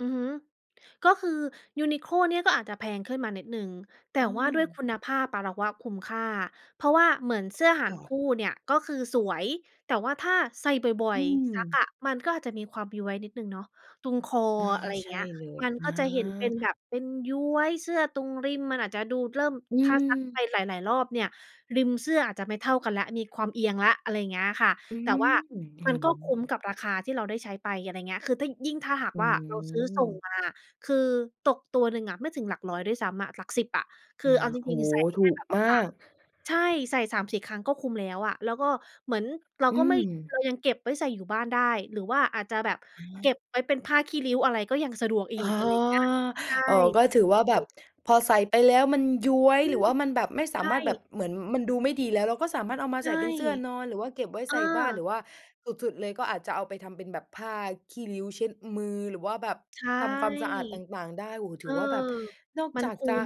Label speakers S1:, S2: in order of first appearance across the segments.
S1: อือฮึ ก็คือ Uniqlo เนี่ยก็อาจจะแพงขึ้นมานิดหนึ่ง แต
S2: เ
S1: ่ว่าด้วย
S2: ออ
S1: คุณภาพ ป เราว่าคุ้มค่า เพราะว่าเหมือนเสื้อห่
S2: ค
S1: า
S2: ่
S1: น
S2: ะ
S1: คู่เนี่ยก็คือสวย แต่ว่าถ้าใส่บ่อ
S2: อื
S1: ย ๆ ซัก
S2: ม
S1: อะ มันก็อาจจะมีความย้วยนิดหนึ่งเนาะ ตรงคอ
S2: อา
S1: อะไรอย่
S2: ใ
S1: า
S2: ช
S1: งเ
S2: ่
S1: งี้ย
S2: เลย
S1: มัน
S2: อา
S1: ก็จะเห็นเป็นแบบเป็นย้วย เสื้อตรงริมมันอาจจะดูเริ่ม
S2: อื
S1: ถ้าซักไป
S2: ม
S1: หลาย ๆ รอบเนี่ย ริมเสื้ออาจจะไม่เท่ากันแล้ว มีความเอียงแล้ว อะไรอย่างเงี้ยค่ะ
S2: อื
S1: แต่
S2: ม
S1: ว่า
S2: อื
S1: มันก็คุ้มก
S2: อ
S1: ับราคาที่เราได้ใช้ไป อะไรอย่างเงี้ย คือถ้ายิ่งถ้าหาก
S2: อื
S1: ว่าเราซื้อส่ง
S2: ม
S1: มา คือตกตัวหนึ่งอะไม่ถึงหลักร้อยด้วยซ้ำอะ หลักสิบอะ ค
S2: อ
S1: ือ
S2: า
S1: เอาจ
S2: โอ
S1: ริ
S2: ้
S1: ง ๆ ใส
S2: โ
S1: ่
S2: ฮ! ถ
S1: แค
S2: ู
S1: ่
S2: ก
S1: แบบ สา
S2: มาก
S1: ม ใช่ ใส่ 3-4 ครั้งก็คุ้มแล้วอะ แล้วก็เหมือนเรา
S2: อ
S1: ก
S2: ื
S1: ็ไม่ เ
S2: ม
S1: รายังเก็บไว้ใส่อยู่บ้านได้ หรือว่าอาจจะแบบ
S2: อ
S1: เก็
S2: า
S1: บไว้เป็นผ้าขี้ริ้วอะไรก็ยังสะดวกอี
S2: อ๋อ
S1: ก อะไรอย่างเงี้ย ใช่
S2: อ๋อ ก็ถือว่าแ
S1: อ
S2: บ
S1: ื
S2: บ
S1: ม
S2: พอใส่ไปแล้ว มันย้วย
S1: อื
S2: หรือ
S1: ม
S2: ว่ามันแบบไม่ส
S1: ใช
S2: ามารถแบบ
S1: ่
S2: เหมือนมันดูไม่ดีแล้ว เราก็สามารถเอามา
S1: ใช
S2: ใส่
S1: ่
S2: เป็นเสื้อนอน หรือว่าเก็บไว้
S1: เอ
S2: ใส่บ้าน หร
S1: อ
S2: ือว่าสุด ๆ เลยก็อาจจะเอาไปทำเป็นแบบผ้าขี้ริ้วเช็ดมือ หรือว่าแบบ
S1: ใช่
S2: ทำความสะอาดต่าง ๆ ได้ โอ้โฮ
S1: เ
S2: ถ
S1: อ
S2: ื
S1: อ
S2: อว่าแบบนอก
S1: มั
S2: จ
S1: น
S2: าก
S1: คุ
S2: จ
S1: ้
S2: ะ
S1: ม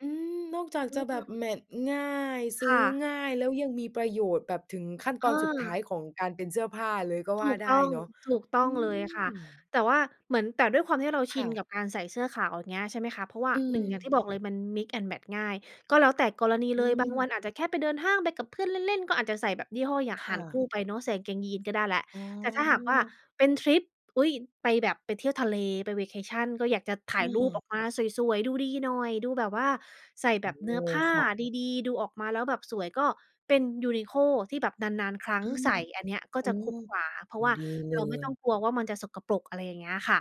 S2: อืม นอกจาก
S1: อื
S2: จะแบบ
S1: ม
S2: แมตช์ง่าย ซ
S1: ค
S2: ื้
S1: ่
S2: อ
S1: ะ
S2: ง่ายแล้ว ยังมีประโยชน์แบบถึงขั้นตอนสุดท้า
S1: เออ
S2: ยของการเป็นเสื้อผ้าเลยก็ว
S1: ถ
S2: ่า
S1: ูก
S2: ได
S1: ต
S2: ้
S1: ้อง
S2: เนาะ
S1: ถูกต
S2: อ
S1: ้
S2: ื
S1: องเลยค่ะ
S2: ม
S1: แต่ว่าเหมือน แต่ด้วยความที่เราช
S2: ค
S1: ิ
S2: ่
S1: น
S2: ะ
S1: กับการใส่เสื้อขาวอย่างเงี้ย ใช่ไหมคะ เพราะว่า
S2: อื
S1: 1 อย่าง
S2: ม
S1: ที่บอกเลยมัน mix and match ง่าย ก็แล้วแต่กรณี
S2: อื
S1: เลย บางวั
S2: ม
S1: นอาจจะแค่ไปเดินห้าง ไปกับเพื่อนเล่น ๆ ก็อาจจะใส่แบบยี่ห้ออย่าง
S2: ค
S1: ห่
S2: ่
S1: านค
S2: ะ
S1: ู่ไปเนาะ ใส่กางเกงยีนส์ก็ได้แล้ว
S2: อ๋
S1: แต่ถ้าหากว่า
S2: อ
S1: เป็นทริป อุ๊ย ไปแบบไปเที่ยวทะเล ไป vacation ก็อยากจะถ่า
S2: อ
S1: ยรูป
S2: า
S1: ออกมาสวย ๆ ดูดีหน่อย ดูแบบว่าใส่
S2: โ
S1: แ
S2: อ
S1: บ
S2: ้
S1: บเ
S2: โ
S1: น
S2: ฮ
S1: ื้อผ้า
S2: ค่ะ
S1: ดี ๆ ดูออกมาแล้วแบบสวย ก็เป็น Uniqlo ที่แบบนาน ๆ ครั้
S2: อ
S1: ง
S2: า
S1: ใส่ อันเนี้ยก็
S2: โอ
S1: จะ
S2: ้
S1: คุ้มกว่า เพร
S2: โ
S1: า
S2: อ้โฮ
S1: ะว่า
S2: ดีเล
S1: เราไม่ต้อง
S2: ย
S1: กลัวว่ามันจะสกปรก อะไรอย่างเงี้ยค่ะ